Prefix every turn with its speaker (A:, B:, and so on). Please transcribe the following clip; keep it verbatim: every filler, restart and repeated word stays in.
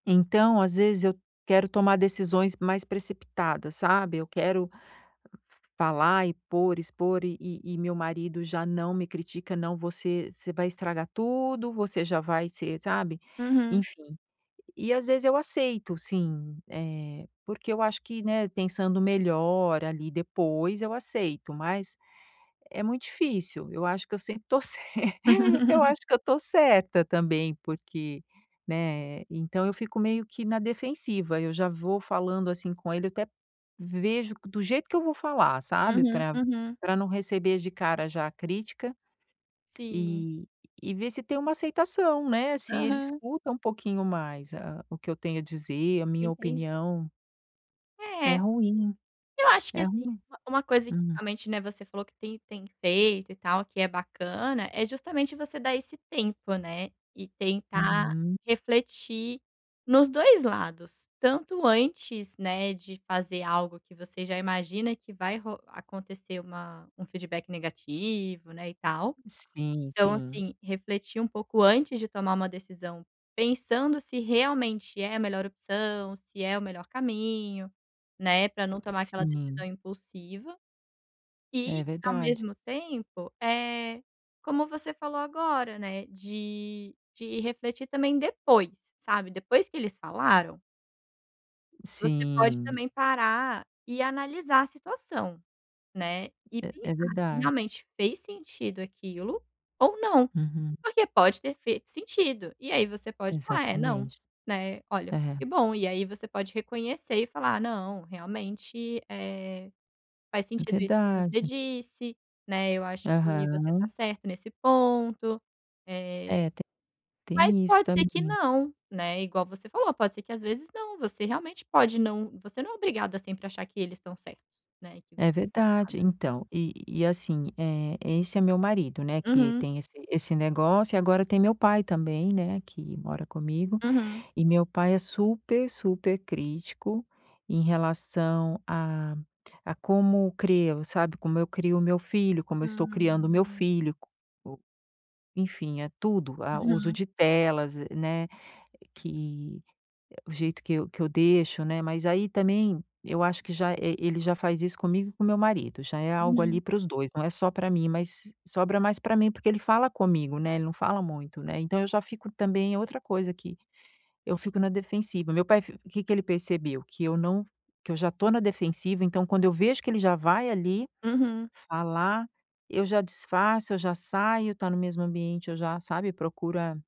A: Então às vezes eu quero tomar decisões mais precipitadas, sabe. Eu quero falar e por, expor e e e meu marido já não me critica, não você você vai estragar tudo, você já vai ser sabe.
B: Uhum.
A: Enfim, e às vezes eu aceito sim, eh, porque eu acho que, né, pensando melhor ali depois eu aceito, mas é muito difícil, eu acho que eu sempre estou cer eu acho que eu estou certa também, porque, né, então eu fico meio que na defensiva, eu já vou falando assim com ele, até vejo do jeito que eu vou falar, sabe,
B: Uhum,
A: pra
B: uhum.
A: pra não receber de cara já a crítica
B: Sim.
A: e e ver se tem uma aceitação, né, se ele
B: Aham.
A: escuta um pouquinho mais a o que eu tenho a dizer, a minha
B: Entendi.
A: opinião. É
B: É.
A: ruim,
B: Eu acho que,
A: é
B: assim,
A: ruim,
B: uma uma coisa que
A: hum.
B: realmente, né, você falou que tem tem feito e tal que é bacana, é justamente você dar esse tempo, né, e tentar
A: Uhum.
B: refletir nos dois lados, tanto antes, né, de fazer algo que você já imagina que vai ro acontecer uma um feedback negativo, né, e tal.
A: Sim,
B: Então,
A: sim.
B: assim, refletir um pouco antes de tomar uma decisão, pensando se realmente é a melhor opção, se é o melhor caminho, né, para não tomar aquela
A: Sim.
B: decisão impulsiva. E
A: É
B: ao
A: verdade.
B: mesmo tempo, eh, como você falou agora, né, de de refletir também depois, sabe, depois que eles falaram. Você pode
A: Sim.
B: também parar e analisar a situação, né, e
A: É é
B: pensar se
A: verdade.
B: realmente fez sentido aquilo ou não.
A: Uhum.
B: Porque pode ter feito sentido e aí você pode [unintelligible] "É, não",
A: Exatamente,
B: né, olha.
A: é.
B: Que bom e aí você pode reconhecer e falar: "Não, realmente, eh, faz
A: É
B: sentido isso que você
A: verdade.
B: disse, né, eu acho que você está
A: Aham.
B: certa nesse ponto.", eh,
A: É t
B: mas
A: tem isso
B: pode ser que
A: também.
B: não, né. Igual você falou, pode ser que as vezes não. Você realmente pode não você não é obrigada sempre achar que eles estão certos, né, que você
A: É
B: tá
A: verdade,
B: errada.
A: então, e e assim, eh, esse é meu marido, né, que
B: Uhum.
A: tem esse esse negócio e agora tem meu pai também, né, que mora comigo
B: Uhum.
A: e meu pai é super, super crítico em relação a a como crio, sabe? Como eu crio o meu filho, como eu estou criando o meu
B: Hum.
A: filho, co enfim é tudo, ah, uso
B: Uhum.
A: de telas, né, que o jeito que eu que eu deixo, né. Mas aí também eu acho que já eh, ele já faz isso comigo e com meu marido, já é algo ali
B: Uhum.
A: para os dois, não é só para mim, mas sobra mais para mim, porque ele fala comigo, né, ele não fala muito, né, então eu já fico também é outra coisa que eu fico na defensiva. Meu pai fi que que ele percebeu, que eu não que eu já estou na defensiva, então quando eu vejo que ele já vai ali
B: Uhum.
A: falar, eu já desfaço, eu já saio, tá no mesmo ambiente, já, sabe, procura